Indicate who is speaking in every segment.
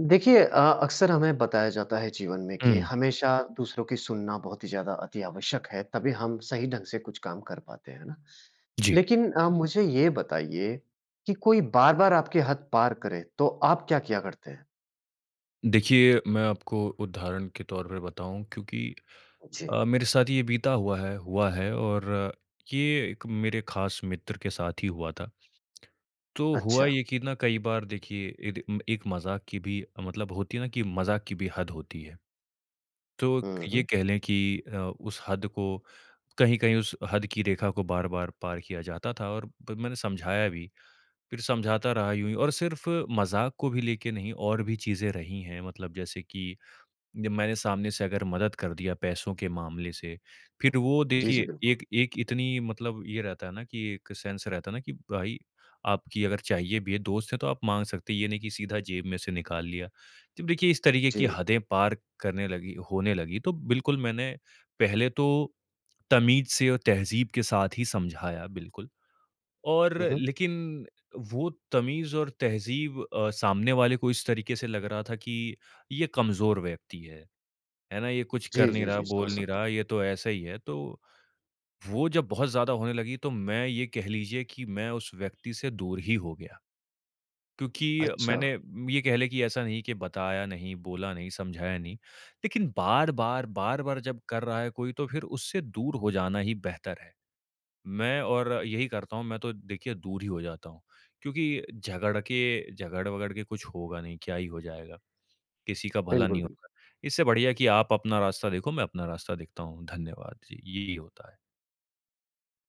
Speaker 1: देखिए अ, अक्सर हमें बताया जाता है जीवन में कि
Speaker 2: हुँ।
Speaker 1: हमेशा दूसरों की सुनना बहुत ही ज़्यादा अति आवश्यक है तभी हम सही ढंग से कुछ काम कर पाते हैं, है ना?
Speaker 2: जी।
Speaker 1: लेकिन अ, मुझे ये बताइए कि कोई बार-बार आपकी हद पार करे तो आप क्या किया करते हैं?
Speaker 2: देखिए, मैं आपको उदाहरण के तौर पे बताऊँ, क्योंकि
Speaker 1: जी।
Speaker 2: अ, मेरे साथ ये बीता हुआ है, हुआ है और ये एक मेरे ख़ास मित्र के साथ ही हुआ था। तो हुआ
Speaker 1: अच्छा।
Speaker 2: ये कि ना कई बार देखिए एद एक मज़ाक की भी मतलब होती है ना कि मज़ाक की भी हद होती है। तो
Speaker 1: हुँ,
Speaker 2: ये
Speaker 1: हुँ।
Speaker 2: कह लें कि अ, उस हद को, कहीं-कहीं उस हद की रेखा को बार-बार पार किया जाता था और मैंने समझाया भी। फिर समझाता रहा यूँ ही और सिर्फ़ मजाक को भी लेके नहीं और भी चीज़ें+ रही हैं मतलब जैसे कि जब मैंने सामने से अगर मदद कर दिया पैसों के मामले से। फिर वो
Speaker 1: जी, जी।
Speaker 2: देखिए
Speaker 1: बिल्कुल।
Speaker 2: एक एक इतनी मतलब ये रहता है ना कि एक सेंस रहता है ना, कि भाई आपकी अगर चाहिए भी है, दोस्त है, तो आप माँग सकते हैं। ये नहीं की सीधा जेब में से निकाल लिया। तो देखिए इस तरीके की
Speaker 1: जी।
Speaker 2: हदें पार करने लगी होने लगी तो बिल्कुल मैंने पहले तो तमीज़ से और तहजीब के साथ ही समझाया बिल्कुल। और
Speaker 1: हुँ, हुँ।
Speaker 2: लेकिन वो तमीज़ और तहज़ीब अ, सामने वाले को इस तरीके से लग रहा था कि ये कमजोर व्यक्ति है, है ना? ये कुछ कर
Speaker 1: जी,
Speaker 2: नहीं
Speaker 1: जी,
Speaker 2: रहा,
Speaker 1: जी। समझ
Speaker 2: बोल नहीं
Speaker 1: सकता हूँ।
Speaker 2: रहा, ये तो ऐसा ही है। तो वो जब बहुत ज़्यादा होने लगी तो मैं ये कह लीजिए कि मैं उस व्यक्ति से दूर ही हो गया। क्योंकि मैंने
Speaker 1: अच्छा।
Speaker 2: ये कह लें कि ऐसा नहीं कि बताया नहीं, बोला नहीं, समझाया नहीं। लेकिन बार-बार, बार-बार जब कर रहा है कोई तो फिर उससे दूर हो जाना ही बेहतर है। मैं और यही करता हूँ मैं तो देखिए दूर ही हो जाता हूँ। क्योंकि झगड़ के झगड़-वगड़ के कुछ होगा नहीं। क्या ही हो जाएगा? किसी का भला
Speaker 1: बिल्कुल,
Speaker 2: नहीं होता।
Speaker 1: बिल्कुल।
Speaker 2: इससे बढ़िया है कि आप अपना रास्ता देखो, मैं अपना रास्ता देखता हूँ। धन्यवाद। जी, यही होता है।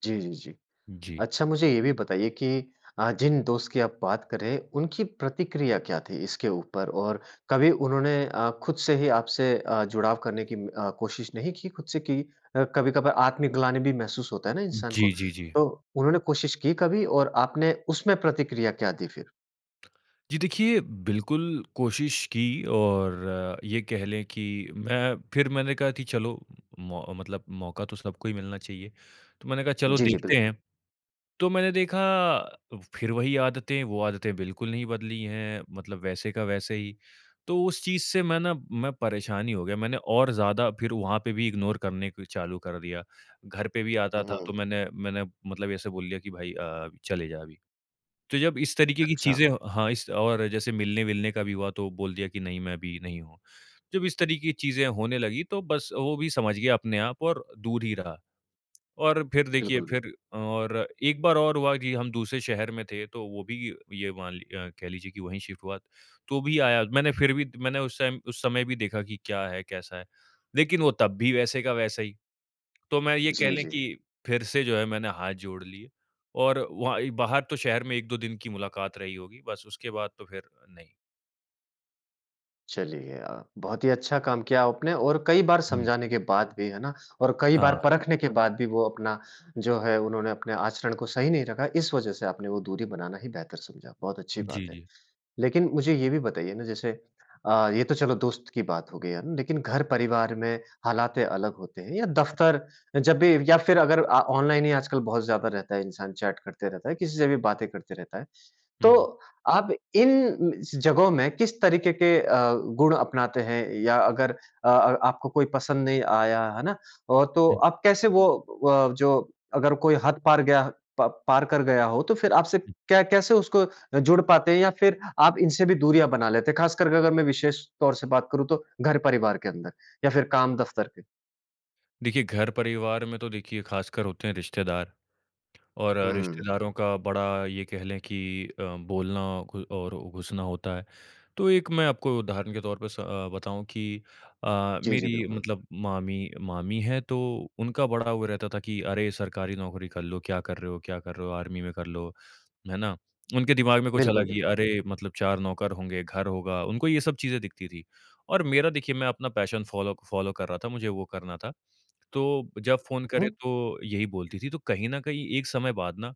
Speaker 1: जी, जी, जी,
Speaker 2: जी।
Speaker 1: अच्छा मुझे ये भी बताइये की अ, जिन दोस्त की आप बात कर रहे हैं उनकी प्रतिक्रिया क्या थी इसके ऊपर और कभी उन्होंने अ, खुद से ही आपसे अ, जुड़ाव करने की अ, कोशिश नहीं की खुद से की अ, कभी-कभार आत्मग्लानि भी महसूस होता है ना इंसान को।
Speaker 2: जी, जी, जी।
Speaker 1: तो उन्होंने कोशिश की कभी और आपने उसमें प्रतिक्रिया क्या दी फिर?
Speaker 2: जी, देखिए बिल्कुल कोशिश की और ये कह लें की मैं फिर मैंने कहा की चलो म मतलब मौका तो सबको ही मिलना चाहिए। तो मैंने कहा चलो
Speaker 1: जी, जी,
Speaker 2: देखते
Speaker 1: बिल्कुल।
Speaker 2: हैं, तो मैंने देखा फिर वही आदतें वो आदतें बिल्कुल नहीं बदली हैं मतलब वैसे का वैसे ही। तो उस चीज़ से मैं न मैं परेशान ही हो गया मैंने और ज़्यादा फिर वहाँ पे भी इग्नोर करने फिर चालू कर दिया। घर पे भी आता
Speaker 1: हुँ,
Speaker 2: था तो
Speaker 1: हुँ।
Speaker 2: मैंने मैंने मतलब ऐसे बोल दिया की भाई अ, चले जा अभी। तो जब इस तरीके की
Speaker 1: अच्छा।
Speaker 2: चीज़ें हो हाँ, और जैसे मिलने-विलने का भी हुआ तो बोल दिया की नहीं मैं अभी नहीं हूँ। जब इस तरीके की चीज़ें होने लगीं तो बस वो भी समझ गया अपने आप और दूर ही रहा। और फिर देखिए
Speaker 1: बिल्कुल, बिल्
Speaker 2: फिर और 1 बार और हुआ की हम दूसरे शहर में थे तो वो भी ये मान लि अ, कह लीजिए की वही शिफ्ट हुआ, तो भी आया मैंने फिर भी मैंने उस टाइम उस समय भी देखा की क्या है कैसा है? लेकिन वो तब भी वैसे का वैसा ही, तो मैं ये कह
Speaker 1: जी,
Speaker 2: लें
Speaker 1: जी।
Speaker 2: की फिर से जो है मैंने हाथ जोड़ लिए और वहाँ ही बाहर तो शहर में 1-2 दिन की मुलाकात रही होगी बस उसके बाद तो फिर, नहीं।
Speaker 1: चलिए, अ, बहुत ही अच्छा काम किया आपने और कई बार
Speaker 2: हुँ।
Speaker 1: समझाने के बाद भी है ना और कई बार
Speaker 2: हाँ।
Speaker 1: परखने के बाद भी वो अपना जो है उन्होंने अपने आचरण को सही नहीं रखा, इस वज़ह से आपने वो दूरी बनाना ही बेहतर समझा, बहुत अच्छी
Speaker 2: जी,
Speaker 1: बात है।
Speaker 2: जी।
Speaker 1: लेकिन मुझे ये भी बताइए ना जैसे अ, ये तो चलो दोस्त की बात हो गयी है, है ना? लेकिन घर-परिवार में हालातें अलग होते हैं या दफ़्तर जब भी या फिर अगर आ ऑनलाइन ही आजकल बहुत ज़्यादा रहता है इंसान चैट करते रहता है, किसी से भी बातें करते रहता है। तो
Speaker 2: हुँ।
Speaker 1: आप इन जगहों में किस तरीके के अ, गुण अपनाते हैं या अगर अ अ, आपको कोई पसंद नहीं आया, है ना? और तो
Speaker 2: हुँ।
Speaker 1: आप कैसे वो व अ, जो अगर कोई हद पार गया प पार कर गया हो। तो फिर आपसे
Speaker 2: हुँ।
Speaker 1: क्या कैसे उसको जुड़ पाते हैं या फिर आप इनसे भी दूरियाँ बना लेते हैं। ख़ास कर कर करके अगर मैं विशेष तौर से बात करूँ तो घर परिवार के अंदर या फिर काम दफ़्तर में?
Speaker 2: देखिए घर-परिवार में तो देखिए खासकर होते हैं रिश्तेदार। और
Speaker 1: हुँ।
Speaker 2: रिश्तेदारों का बड़ा ये कह लें कि अ, बोलना कोई और घुसना होता है। तो एक मैं आपको उदाहरण के तौर पे स अ, बताऊँ कि अ,
Speaker 1: जी, जी,
Speaker 2: मेरी
Speaker 1: बिल्कुल।
Speaker 2: मतलब मामी मामी हैं तो उनका बड़ा वो रहता था कि, "अरे! सरकारी नौकरी कर लो, क्या कर रहे हो क्या कर रहे हो? आर्मी में कर लो, है ना?" उनके दिमाग में कुछ
Speaker 1: बिल्कुल,
Speaker 2: अलग ही
Speaker 1: बिल्कुल।
Speaker 2: अरे! मतलब 4 नौकर होंगे, घर होगा, उनको ये सब चीजें दिखती थी। और मेरा देखिए मैं अपना पैशन फ़ॉलो फ़ॉलो कर रहा था मुझे वो करना था। तो, जब फ़ोन
Speaker 1: हुँ।
Speaker 2: करे तो यही बोलती थी। तो कहीं न कहीं एक समय बाद ना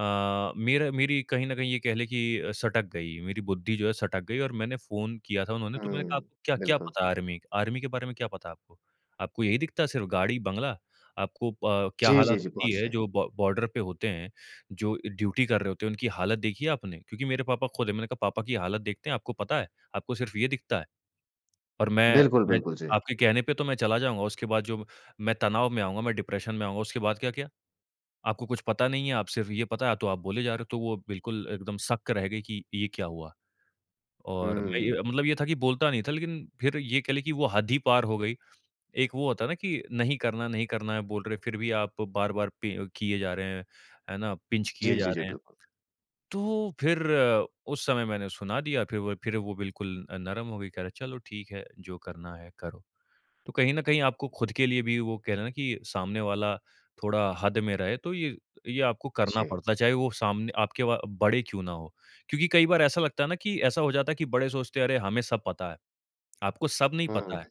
Speaker 2: अ, मेरा मेरी कहीं न कहीं ये कह लें कि अ, सटक गई मेरी बुद्धि जो है सटक गई और मैंने फ़ोन किया था उन्होंने तो मैंने
Speaker 1: हुँ।
Speaker 2: कहा, "आपको क्या-क्या
Speaker 1: बिल्कुल।
Speaker 2: पता है आर्मी आर्मी के बारे में क्या पता है आपको? आपको यही दिखता है सिर्फ़ गाड़ी-बंगला! आपको अ, प क्या
Speaker 1: जी, जी,
Speaker 2: हालत
Speaker 1: जी।
Speaker 2: होती
Speaker 1: बहुत
Speaker 2: है
Speaker 1: सही।
Speaker 2: जो ब बॉर्डर पे होते हैं, जो ड्यूटी कर रहे होते है, उनकी हालत देखी है आपने?" क्योंकि मेरे पापा खुद है। मैंने कहा पापा की हालत देखते है आपको पता है? आपको सिर्फ़ ये दिखता है। और मैं
Speaker 1: बिल्कुल,
Speaker 2: मैं
Speaker 1: बिल्कुल, जी।
Speaker 2: आपके कहने पे तो मैं चला जाऊँगा। उसके बाद जो मैं तनाव में आऊँगा मैं डिप्रेशन में आऊँगा। उसके बाद का क्या? आपको कुछ पता नहीं है आप सिर्फ़ ये पता है तो आप बोले जा रहे हो। तो वो बिल्कुल एकदम सक रह गयी कि, ये क्या हुआ? और मैं
Speaker 1: हुँ।
Speaker 2: ये मतलब ये था कि बोलता नहीं था, लेकिन फिर ये कह लें कि वो हद ही पार हो गयी। एक वो होता है ना कि नहीं करना है, नहीं करना है, बोल रहे हैं, फिर भी आप बार-बार पि किए जा रहे हैं, है ना? पिंच किए
Speaker 1: जी,
Speaker 2: जा
Speaker 1: जी, जी।
Speaker 2: रहे हैं।
Speaker 1: बिल्कु
Speaker 2: तो फिर उस समय मैंने सुना दिया फिर वो फिर वो बिल्कुल नरम हो गयी। कह रहे है चलो ठीक है जो करना है करो। तो कहीं न कहीं आपको खुद के लिए भी वो कहते है ना कि सामने वाला थोड़ा हद में रहे तो ये ये आपको करना
Speaker 1: जी।
Speaker 2: पड़ता है, चाहे वो सामने आपके वो बड़े क्यों ना हो। क्योंकि कई बार ऐसा लगता है ना कि ऐसा हो जाता है कि बड़े सोचते है अरे! हमे सब पता है। आपको सब नहीं
Speaker 1: हुँ।
Speaker 2: पता है,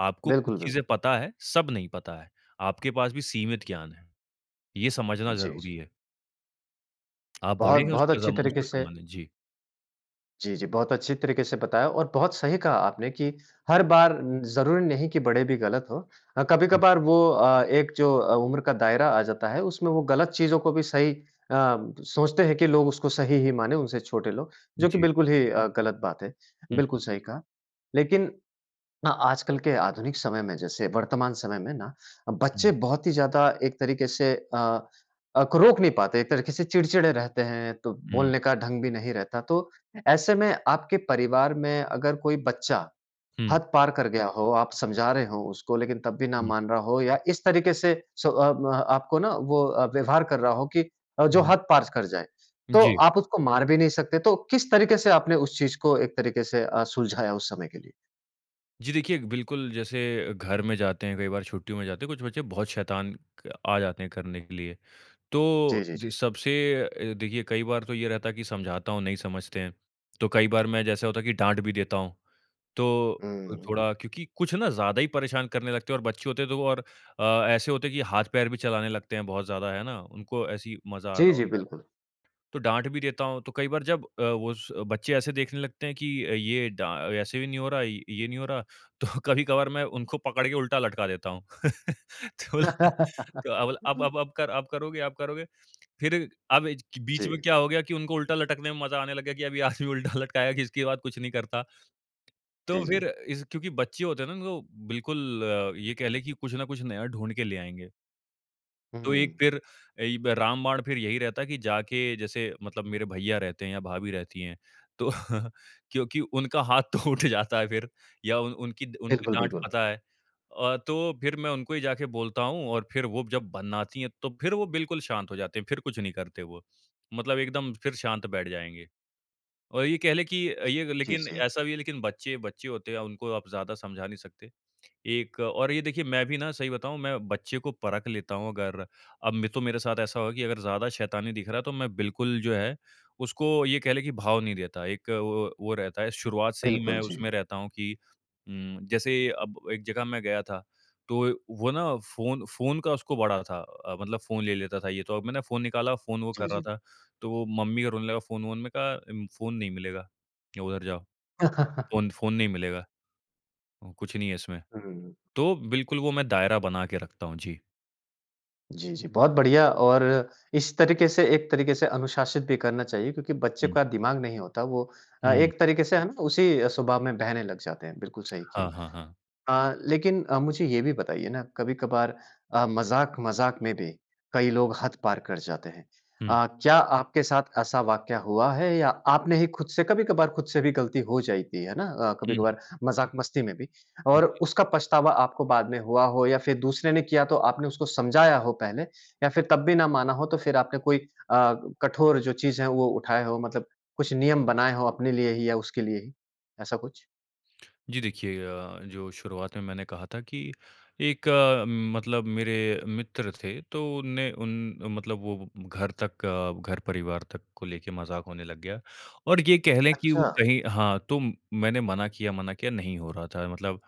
Speaker 2: आपको कुछ
Speaker 1: बिल्कुल,
Speaker 2: चीज़े
Speaker 1: बिल्कुल।
Speaker 2: पता है, सब नहीं पता है। आपके पास भी सीमित ज्ञान है, ये समझना
Speaker 1: जी, जी।
Speaker 2: ज़रुरी है। आप बड़े हैं
Speaker 1: बहुत-बहुत
Speaker 2: उसका
Speaker 1: अच्छी
Speaker 2: सम
Speaker 1: तरीके
Speaker 2: उसका
Speaker 1: से
Speaker 2: सम्मान है, जी।
Speaker 1: जी, जी। बहुत अच्छी तरीके से बताया और बहुत सही कहा आपने कि हर बार उम, ज़रूरी नहीं कि बड़े भी गलत हो, अ,
Speaker 2: हुँ।
Speaker 1: कभी-कभार वो अ, एक जो अ, उम्र का दायरा आ जाता है उसमें वो गलत चीज़ों को भी सही अ, सोचते हैं कि लोग उसको सही ही माने उनसे छोटे लोग जो कि
Speaker 2: जी।
Speaker 1: बिल्कुल ही अ, गलत बात है,
Speaker 2: हुँ,
Speaker 1: बिल्कुल
Speaker 2: हुँ।
Speaker 1: सही कहा। लेकिन हाँ आजकल के आधुनिक समय में जैसे वर्तमान समय में ना अ, बच्चे
Speaker 2: हुँ।
Speaker 1: बहुत ही ज़्यादा एक तरीके से अ, अक रोक नहीं पाते, एक तरीके से चिड़चिड़े रहते हैं तो
Speaker 2: हुँ।
Speaker 1: बोलने का ढंग भी नहीं रहता तो ऐसे में आपके परिवार में अगर कोई बच्चा
Speaker 2: हुँ।
Speaker 1: हद पार कर गया हो, आप समझा रहे हो उसको लेकिन तब भी ना
Speaker 2: हुँ।
Speaker 1: मान रहा हो या इस तरीके से सो अब आपको ना वो अ, व्यवहार कर रहा हो कि अ, जो
Speaker 2: हुँ।
Speaker 1: हद पार कर जाए तो
Speaker 2: जी।
Speaker 1: आप उसको मार भी नहीं सकते। तो किस तरीके से आपने उस चीज़ को एक तरीके से अ, सुलझाया उस समय के लिए?
Speaker 2: जी देखिए, बिल्कुल जैसे घर में जाते है कई बार छुट्टियों में जाते हैं कुछ बच्चे बहुत शैतान क आ जाते है करने के लिए।
Speaker 1: जी,
Speaker 2: तो
Speaker 1: जी,
Speaker 2: जो
Speaker 1: जी।
Speaker 2: सबसे अ, देखिए कई बार तो ये रहता है कि समझाता हूँ, नहीं समझते है। तो कई बार मैं जैसा होता है कि डाँट भी देता हूँ। तो,
Speaker 1: हुँ, हुँ।
Speaker 2: थोड़ा क्योंकि कुछ ना ज़्यादा ही परेशान करने लगते हैं और बच्चे होते हैं तो वो और अ, ऐसे होते है कि हाथ-पैर भी चलाने लगते है बहुत ज़्यादा है ना? उनको ऐसे ही मज़ा आ
Speaker 1: जी,
Speaker 2: रहा
Speaker 1: जी,
Speaker 2: होता है।
Speaker 1: बिल्कुल।
Speaker 2: तो डाँट भी देता हूँ तो कई बार जब अ, वो स बच्चे ऐसे देखने लगते है कि ये डा ऐसे भी नहीं हो रहा ये नहीं हो रहा तो कभी-कभार मैं उनको पकड़ के उल्टा लटका देता हूँ। तो तो अब ल अब अब अब कर अब करोगे? अब करोगे? फिर अब बीच में
Speaker 1: जी।
Speaker 2: क्या हो गया कि उनको उल्टा लटकने में मज़ा आने लग गया कि अब ये आदमी उल्टा लटकाया कि इसके बाद कुछ नहीं करता। तो
Speaker 1: जी,
Speaker 2: फिर
Speaker 1: जी।
Speaker 2: इज क्योंकि बच्चे होते है ना उनको बिल्कुल ये कह लें कि कुछ न कुछ नया ढूँढ के ले आएँगे। तो
Speaker 1: हुँ।
Speaker 2: एक फिर एइब रामबाण फिर यही रहता है कि जाके जैसे मतलब मेरे भैया रहते हैं या भाभी रहती हैं तो क्योंकि उनका हाथ तो उठ जाता है फिर या उ उनकी उनकी
Speaker 1: बिल्कुल,
Speaker 2: डाँट
Speaker 1: बिल्कुल।
Speaker 2: पता है। अ, तो फिर मैं उनको ही जाके बोलता हूँ और फिर वो जब बनाती हैं तो फिर वो बिल्कुल शांत हो जाते हैं फिर कुछ नहीं करते वो। मतलब एकदम फिर शांत बैठ जाएँगे। और ये कह ले कि अ,
Speaker 1: जी,
Speaker 2: लेकिन
Speaker 1: जी।
Speaker 2: ऐसा भी है लेकिन बच्चे, बच्चे होते हैं उनको आप ज़्यादा समझा नहीं सकते। एक और ये देखिए मैं भी ना सही बताऊँ मैं बच्चे को परख लेता हूँ अगर अब तो मेरे साथ ऐसा होगा कि अगर ज़्यादा शैतानी दिख रहा है तो मैं बिल्कुल जो है उसको ये कह ले कि भाव नहीं देता। एक वो वो रहता है शुरुआत से ही
Speaker 1: बिल्कुल,
Speaker 2: मैं
Speaker 1: जी।
Speaker 2: उसमें रहता हूँ कि उम, जैसे अब एक जगह मैं गया था तो वो ना फ़ोन फ़ोन का उसको बड़ा था। अ, मतलब फ़ोन ले लेता था ये तो अब मैंने फ़ोन निकाला, फ़ोन वो
Speaker 1: जी,
Speaker 2: कर रहा
Speaker 1: जी।
Speaker 2: था। तो वो मम्मी को रोने लगा फ़ोन-वोन मैंने कहा फ़ोन नहीं मिलेगा, उधर जाओ। फ़ोन फ़ोन नहीं मिलेगा। कुछ नहीं है इसमें
Speaker 1: हुँ, हुँ।
Speaker 2: तो बिल्कुल वो मैं दायरा बना के रखता हूँ, जी।
Speaker 1: जी, जी। बहुत बढ़िया और इस तरीक़े से एक तरीक़े से अनुशासित भी करना चाहिए क्योंकि बच्चे
Speaker 2: हुँ।
Speaker 1: का दिमाग़ नहीं होता वो अ,
Speaker 2: हुँ।
Speaker 1: एक तरीक़े से है ना उसी स्वभाव में बहने लग जाते हैं, बिल्कुल सही किया।
Speaker 2: हाँ, हाँ, हाँ।
Speaker 1: अ, लेकिन अ, मुझे ये भी बताइए ना कभी-कभार अ, मज़ाक-मज़ाक में भी कई लोग हद पार कर जाते हैं।
Speaker 2: हुँ।
Speaker 1: अ, क्या आपके साथ ऐसा वाक़या हुआ है या आपने ही खुद से कभी-कभार खुद से भी गलती हो जाती है ना? अ,
Speaker 2: हुँ, हुँ।
Speaker 1: कभी-कभार मजाक-मस्ती में भी
Speaker 2: हुँ,
Speaker 1: और
Speaker 2: जी।
Speaker 1: उसका पछतावा आपको बाद में हुआ हो या फिर दूसरे ने किया तो आपने उसको समझाया हो पहले या फिर तब भी ना माना हो तो फिर आपने कोई अ, कठोर जो चीज़ है वो उठाए हो मतलब कुछ नियम बनाए हो अपने लिए ही या उसके लिए ही ऐसा कुछ?
Speaker 2: जी देखिए अ, जो शुरुआत में मैंने कहा था कि एक मतलब मेरे मित्र थे। तो उन ने उन मतलब वो घर तक घर परिवार तक को लेके मज़ाक होने लग गया। और ये कह लें कि
Speaker 1: अच्छा।
Speaker 2: वो कहीं हाँ, तो मैंने मना किया मना किया, नहीं हो रहा था मतलब।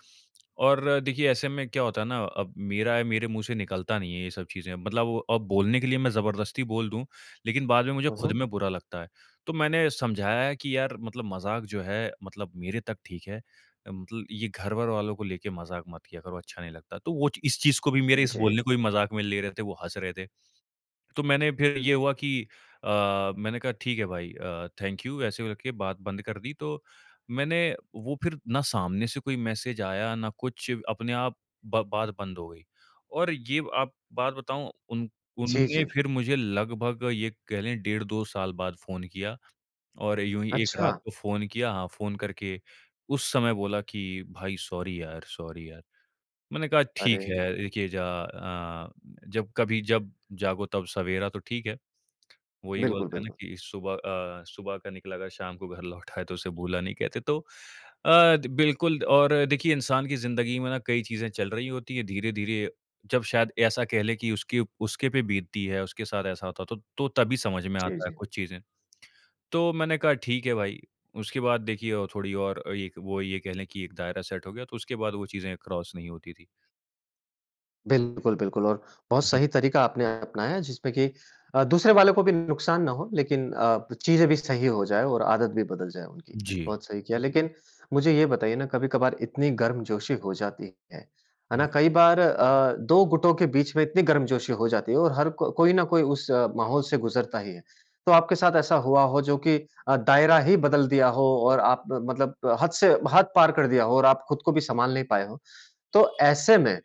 Speaker 2: और देखिए ऐसे में क्या होता है ना, अब मेरा है मेरे मुँह से निकलता नहीं है ये सब चीज़े। मतलब वो अब बोलने के लिए मैं ज़बरदस्ती बोल दूँ लेकिन बाद में मुझे
Speaker 1: हुँ,
Speaker 2: खुद
Speaker 1: हुँ।
Speaker 2: में बुरा लगता है। तो मैंने समझाया है कि, "यार! मतलब मज़ाक जो है मतलब मेरे तक ठीक है। मतलब ये घर-वर वालो को लेके मज़ाक मत किया करो, अच्छा नहीं लगता।" तो वो इस चीज़ को भी मेरे
Speaker 1: जी।
Speaker 2: बोलने को भी मज़ाक में ले रहे थे, वो हँस रहे थे। तो मैंने फिर ये हुआ कि, "अ, मैंने कहा ठीक है भाई अ, थैंक यू, ऐसे कर के बात बंद कर दी।" तो मैंने वो फिर ना सामने से कोई मैसेज़ आया ना कुछ अपने आप ब बात बंद हो गई। और ये आप बात बताऊँ उन उन
Speaker 1: जी,
Speaker 2: ने
Speaker 1: जी।
Speaker 2: फिर मुझे लगभग ये कह ले डेढ़ 2 साल बाद फ़ोन किया। और यूँ ही एक
Speaker 1: अच्छा।
Speaker 2: रात को फ़ोन किया हाँ, फ़ोन करके उस समय बोला कि, "भाई, सॉरी यार! सॉरी यार।" मैंने कहा, "ठीक
Speaker 1: अरे!
Speaker 2: है।" देखिए ज अ, जब कभी जब जागो तब सवेरा, तो ठीक है। वो ही
Speaker 1: बिल्कुल,
Speaker 2: बोलते हैं ना
Speaker 1: बिल्कुल।
Speaker 2: कि सुबह अ, सुबह का निकला अगर शाम को घर लौट आए तो उसे भूला नहीं कहते। तो अ, बिल्कुल और देखिए इंसान की ज़िंदगी में ना कई चीज़ें चल रही होती है। धीरे-धीरे जब शायद ऐसा कह लें कि उसकी उसके पे बीतती है, उसके साथ ऐसा होता है तो तो तभी समझ में
Speaker 1: जी,
Speaker 2: आता है
Speaker 1: जी।
Speaker 2: कुछ चीज़ें। तो मैंने कहा ठीक है भाई। उसके बाद देखिए थोड़ी और वो ये कह ले कि एक दायरा सेट हो गया तो उसके बाद वो चीज़े क्रॉस नहीं होती थी।
Speaker 1: बिल्कुल, बिल्कुल और बहुत
Speaker 2: हुँ, हुँ।
Speaker 1: सही तरीका आपने अपनाया जिसमें कि अ, दूसरे वाले को भी नुकसान ना हो लेकिन अ, चीज़ें भी सही हो जाए और आदत भी बदल जाए उनकी।
Speaker 2: जी।
Speaker 1: बहुत सही किया, लेकिन मुझे ये बताइए ना कभी-कभार इतनी गर्मजोशी हो जाती है, है ना? कई बार अ, 2 गुटों के बीच में इतनी गर्मजोशी हो जाती है और हर क कोई न कोई उस माहौल से गज़रता ही है, तो आपके साथ ऐसा हुआ हो जो कि अ, दायरा ही बदल दिया हो और आप मतलब अ, हद से हद पार कर दिया हो और आप खुद को भी सँभाल नहीं पाएँ हो तो ऐसे में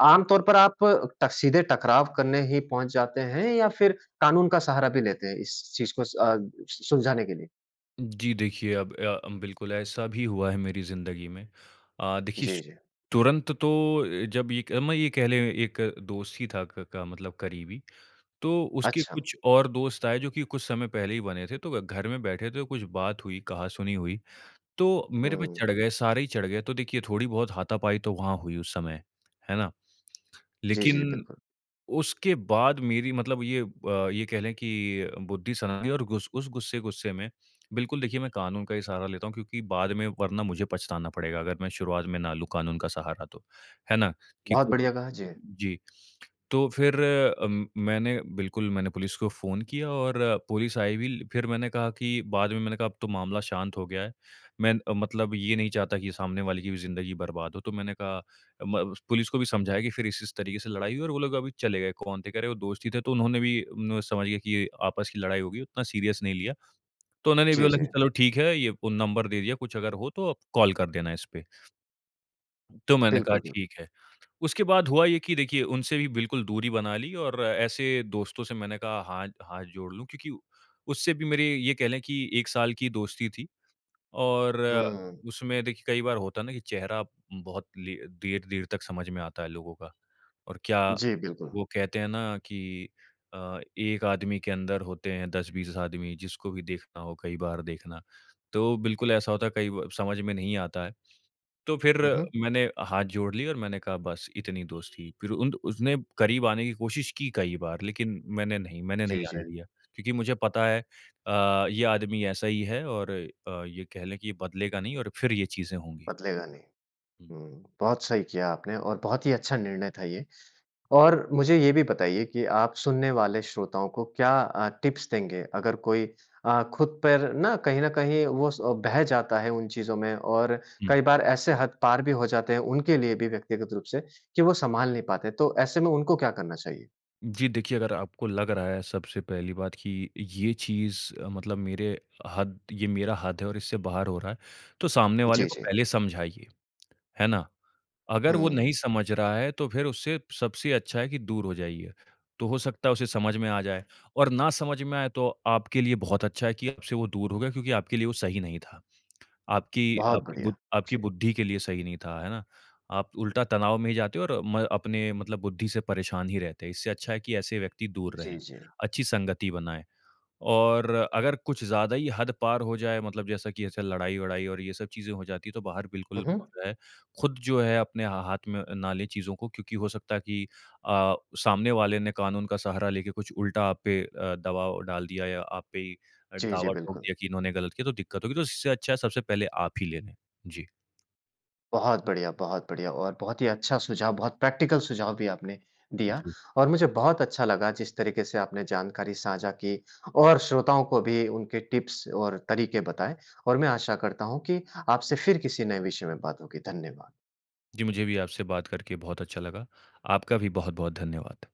Speaker 1: आम तौर पर आप ट सीधे टकराव करने ही पहुँच जाते हैं या फिर कानून का सहारा भी लेते हैं इस चीज़ को अ, सु सुलझाने के लिए?
Speaker 2: जी, देखिए अब अ, बिल्कुल ऐसा भी हुआ है मेरी ज़िन्दगी में। अ, देखिए
Speaker 1: जी,
Speaker 2: शु
Speaker 1: जी।
Speaker 2: तुरंत तो अ, जब ये क मैं ये कह लें एक दोस्त ही था क क मतलब करीबी, तो उसके
Speaker 1: अच्छा।
Speaker 2: कुछ और दोस्त आए जो कि कुछ समय पहले ही बने थे तो व घर में बैठे थे कुछ बात हुई, कहा सुनी हुई, तो मेरे पे
Speaker 1: हुँ।
Speaker 2: चढ़ गए, सारे ही चढ़ गए तो देखिए थोड़ी-बहुत हाथापाई तो वहाँ हुई उस समय। है ना?
Speaker 1: जी, जी,
Speaker 2: लेकिन
Speaker 1: बिल्कुल।
Speaker 2: उसके बाद मेरी मतलब ये अ, ये कह लें कि बुद्धि सनकी और गुस उस गुस्से-गुस्से में बिल्कुल देखिए, मैं कानून का ही सहारा लेता हूँ क्योंकि बाद में वरना मुझे पछताना पड़ेगा अगर मैं शुरुआत में ना लूँ कानून का सहारा तो। है ना? कि
Speaker 1: बहुत
Speaker 2: कुछ
Speaker 1: बढ़िया कहा, जी।
Speaker 2: जी, तो फिर अम, मैंने बिल्कुल मैंने पुलिस को फ़ोन किया और पुलिस आई भी ल फिर मैंने कहा कि बाद में मैंने कहा अब तो मामला शांत हो गया है। मैं अ, मतलब ये नहीं चाहता कि सामने वाले की भी ज़िन्दगी बर्बाद हो तो मैंने कहा म उस पुलिस को भी समझाया कि फिर इस-इस तरीके से लड़ाई हुई और वो लोग अभी चले गए कौन थे कह रहे वो दोस्त ही थे तो उन्होंने भी नू समझ गए कि आपस की लड़ाई हो गई उतना सीरियस नहीं लिया। तो उन्होंने भी
Speaker 1: जी,
Speaker 2: बोला कि
Speaker 1: जी।
Speaker 2: चलो ठीक है, ये फ़ोन नंबर दे दिया कुछ अगर हो तो कॉल कर देना इसपे। तो मैंने कहा
Speaker 1: बिल्कुल, बिल
Speaker 2: ठीक है, उसके बाद हुआ ये कि देखिए उनसे भी बिल्कुल दूरी बना ली और ऐसे दोस्तों से मैंने कहा हा हाथ जोड़ लूँ क्योंकि उससे भी मेरे ये कह लें कि 1 साल की दोस्ती थी और
Speaker 1: हुँ।
Speaker 2: उसमें देखिए कई बार होता है ना कि चेहरा उम, बहुत ले देर-देर तक समझ में आता है लोगों का। और क्या
Speaker 1: जी, बिल्कुल।
Speaker 2: वो कहते है ना कि अ, एक आदमी के अंदर होते हैं 10-20 आदमी जिसको भी देखना हो कई बार देखना। तो बिल्कुल ऐसा होता है कई ब समझ में नहीं आता है, तो फिर
Speaker 1: हुँ, हुँ।
Speaker 2: मैंने हाथ जोड़ लिए और मैंने कहा बस इतनी दोस्ती। फिर उन द उसने करीब आने की कोशिश की कई बार लेकिन मैंने नहीं मैंने
Speaker 1: जी,
Speaker 2: नहीं आने
Speaker 1: जी।
Speaker 2: दिया क्योंकि मुझे पता है अ, ये आदमी ऐसा ही है और अ, ये कह लें कि ये बदलेगा नहीं और फिर ये चीज़ें होंगी।
Speaker 1: बदलेगा नहीं।
Speaker 2: हुँ।
Speaker 1: हुँ, बहुत सही किया आपने और बहुत ही अच्छा निर्णय था ये और मुझे ये भी बताइए कि आप सुनने वाले श्रोताओं को क्या अ, टिप्स देंगे अगर कोई अ, खुद पर ना कहीं न कहीं वो स बह जाता है उन चीज़ों में और
Speaker 2: हुँ।
Speaker 1: कई बार ऐसे हद पार भी हो जाते हैं, उनके लिए भी व्यक्तिगत रूप से कि वो सँभाल नहीं पाते, तो ऐसे में उनको क्या करना चाहिए?
Speaker 2: जी, देखिए अगर आपको लग रहा है सबसे पहली बात कि ये चीज़ मतलब मेरे हद ये मेरा हद है और इससे बाहर हो रहा है, तो सामने
Speaker 1: जी,
Speaker 2: वाले को
Speaker 1: जी।
Speaker 2: पहले समझाइए, है ना? अगर वो नहीं
Speaker 1: हुँ।
Speaker 2: समझ रहा है तो फिर उससे सबसे अच्छा है कि दूर हो जाइए। तो हो सकता है उसे समझ में आ जाए। और ना समझ में आए तो आपके लिए बहुत अच्छा है कि आपसे वो दूर हो गया क्योंकि आपके लिए वो सही नहीं था। आपकी
Speaker 1: बहुत
Speaker 2: आपकी
Speaker 1: बढ़िया।
Speaker 2: बु आपकी
Speaker 1: जी।
Speaker 2: बुद्धि के लिए सही नहीं था, है ना? आप उल्टा तनाव में जाते और म अपने मतलब बुद्धि से परेशान ही रहते हो। इससे अच्छा है कि ऐसे व्यक्ति दूर
Speaker 1: जी,
Speaker 2: रहें,
Speaker 1: जी।
Speaker 2: अच्छी संगति बनाएँ। और अगर कुछ ज़्यादा ही हद पार हो जाए मतलब जैसा कि ऐसे लड़ाई-वड़ाई और ये सब चीज़ें हो जाती हैं तो बाहर
Speaker 1: हुँ,
Speaker 2: बिल्कुल
Speaker 1: हुँ।
Speaker 2: रहें। ख़ुद जो है अपने हा हाथ में ना ले चीज़ों को क्योंकि हो सकता है कि अ, सामने वाले ने कानून का सहारा लेके कुछ उल्टा आप पे अ, दबाव डाल दिया या आप पे ही
Speaker 1: जी, जी,
Speaker 2: दावा ठोक
Speaker 1: बिल्कुल।
Speaker 2: दिया कि इन्होने ग़लत किया तो दिक़्क़त होगी तो इससे अच्छा है सबसे पहले आप ही ले लें। जी।
Speaker 1: बहुत बढ़िया, बहुत बढ़िया और बहुत ही अच्छा सुझाव बहुत प्रैक्टिकल सुझाव भी आपने दिया।
Speaker 2: जी।
Speaker 1: और मुझे बहुत अच्छा लगा जिस तरीक़े से आपने जानकारी साझा की और श्रोताओं को भी उनके टिप्स और तरीक़े बताए, और मैं आशा करता हूँ कि आपसे फिर किसी नए विषय में बात होगी, धन्यवाद।
Speaker 2: जी, मुझे भी आपसे बात करके बहुत अच्छा लगा। आपका भी बहुत-बहुत धन्यवाद।